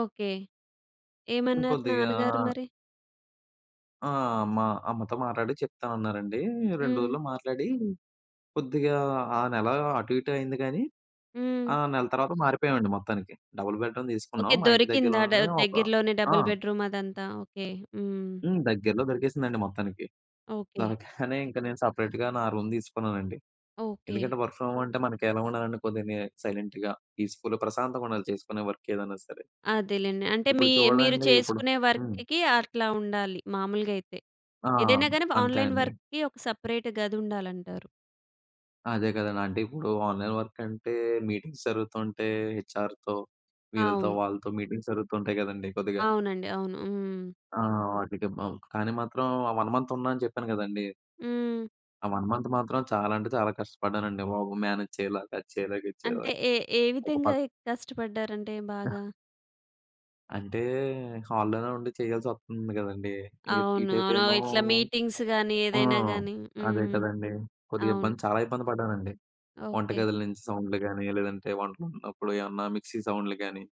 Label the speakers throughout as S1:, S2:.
S1: Okay. ఏమన్నారు
S2: ఇంకొద్దిగా
S1: నాన్నగారు మరి?
S2: ఆ! మా అమ్మతో మాట్లాడి చెప్తామన్నారండి. 2
S1: హ్మ్.
S2: రోజులో మాట్లాడి. కొద్దిగా ఆ నెల అటు ఇటు అయింది కానీ,
S1: హ్మ్.
S2: ఆ నెల తర్వాత మారిపోయామండి మొత్తానికి. డబుల్ బెడ్‌రూమ్
S1: ఓకే
S2: తీసుకున్నాం. మా ఇంటి
S1: దొరికిందా ద
S2: దగ్గరలోనే, ఒక
S1: దగ్గరలోనే
S2: ఆ!
S1: డబుల్ బెడ్‌రూమ్ అదంతా ఓకే. హ్మ్.
S2: హ్మ్. దగ్గరలో దొరికేసిందండి మొత్తానికి.
S1: ఓకే.
S2: దొరగ్గనే ఇంకా నేను సెపరేట్‌గా నా రూమ్ తీసుకున్నానండి.
S1: ఓకే.
S2: ఎందుకంటే వర్క్ ఫ్రమ్ హోమ్ అంటే మనకి ఎలా ఉండాలంటే, కొద్దిగా ని సైలెంట్‌గా పీస్‌ఫుల్‌గా ప్రశాంతంగా ఉండాలి చేసుకునే వర్క్ ఏదైనా సరే.
S1: అదేలేండి. అంటే
S2: ఇప్పుడు
S1: మీ మీరు
S2: చూడండి. ఇప్పుడు
S1: చేసుకునే
S2: హ్మ్.
S1: వర్క్‌కి అట్లా ఉండాలి మామూలుగా అయితే.
S2: ఆ!
S1: ఏదైనా గాని
S2: అంతే
S1: ఆన్‌లైన్
S2: అండి.
S1: వర్క్‌కి ఒక సెపరేట్ గది ఉండాలంటారు.
S2: అదే కదండి .అంటే ఇప్పుడు ఆన్‌లైన్ వర్క్ అంటే మీటింగ్స్ జరుగుతుంటే, హెచ్ఆర్‌తో వీళ్ళతో
S1: అవును.
S2: వాళ్ళతో మీటింగ్స్ జరుగుతుంటాయి కదండీ కొద్దిగా.
S1: అవునండి. అవును. హ్మ్.
S2: ఆ! వాటికి బ కానీ మాత్రం ఆ 1 మంత్ ఉన్నా అని చెప్పాను కదండీ...
S1: హ్మ్.
S2: ఆ 1 మంత్ మాత్రం చాలా అంటే చాలా కష్టపడ్డానండి బాబు! మేనేజ్ చేయలేక! అది చేయలేక ఇది
S1: అంటే
S2: చేయలేక!
S1: ఏ, ఏ
S2: ఒక
S1: విధంగా
S2: పక్
S1: కష్టపడ్డారంటే బాగా?
S2: అంటే హాల్లోనే ఉండి చేయాల్సి వస్తుంది కదండీ!
S1: అవును. అవును.
S2: ఇటేపేమో
S1: ఇట్లా మీటింగ్స్ గాని
S2: హ్మ్. ఆ!
S1: ఏదైనా గాని.
S2: అదే
S1: హ్మ్.
S2: కదండీ. కొద్దిగా
S1: అవును.
S2: ఇబ్బంది చాలా ఇబ్బంది పడ్డానండి. వంట
S1: ఓకే.
S2: గదిల నుంచి సౌండ్‌లు కానీ లేదంటే వంటలున్నప్పుడు ఏమన్నా మిక్సీ సౌండ్‌లు కాని,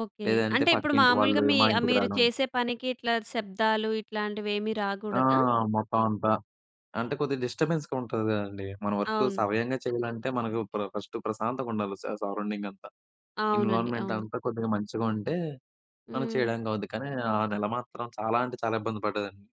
S1: ఓకే.
S2: లేదంటే
S1: అంటే ఇప్పుడు
S2: పక్కింటి
S1: మాములుగా
S2: వాళ్ళు
S1: మీ
S2: మా
S1: ఆహ్,
S2: ఇంటికి
S1: మీరు
S2: రాడం.
S1: చేసే పనికి ఇట్లా శబ్దాలు ఇట్లాంటివేమి
S2: ఆ!
S1: రాకూడదా?
S2: మొత్తం అంతా. అంటే కొద్దిగా డిస్టర్బెన్స్‌గా ఉంటది కదండీ! మన వర్క్
S1: అవును.
S2: సవయంగా చేయాలంటే మనకు ప్ర ఫస్ట్ ప్రశాంతంగా ఉండాలి. స సరౌండింగంతా.
S1: అవునండి.
S2: ఎన్విరాన్మెంట్
S1: అవును.
S2: అంతా కొద్దిగా మంచిగా ఉంటే, మనం
S1: హ్మ్.
S2: చేయడానికి అవుద్ది. కానీ ఆ నెల మాత్రం చాలా అంటే చాలా ఇబ్బంది పడ్డదండి.